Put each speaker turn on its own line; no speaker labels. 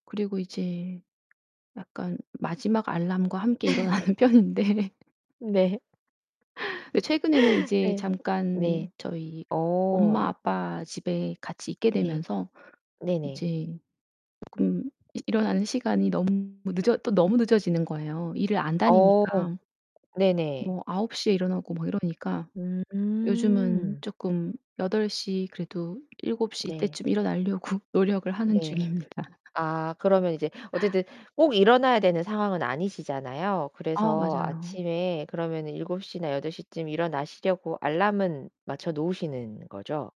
그리고 이제 약간 마지막 알람과 함께 일어나는 편인데
네.
예 최근에는 이제
네.
잠깐
네.
저희 엄마
어.
아빠 집에 같이 있게
네.
되면서
네네.
이제 쪼끔 일어나는 시간이 너무 늦어 또 너무 늦어지는 거예요 일을 안
어.
다니니까.
네네.
뭐 9 시에 일어나고 막 이러니까.
음
요즘은
음.
쪼끔 8 시 그래도 7 시
네.
이때쯤 일어나려고 노력을 하는
네.
중입니다.
아 그러면 이제 어쨌든 꼭 일어나야 되는 상황은 아니시잖아요.
아
그래서
맞아요.
아침에 그러면은 7 시나 8 시쯤 일어나시려고 알람은 맞춰 놓으시는 거죠?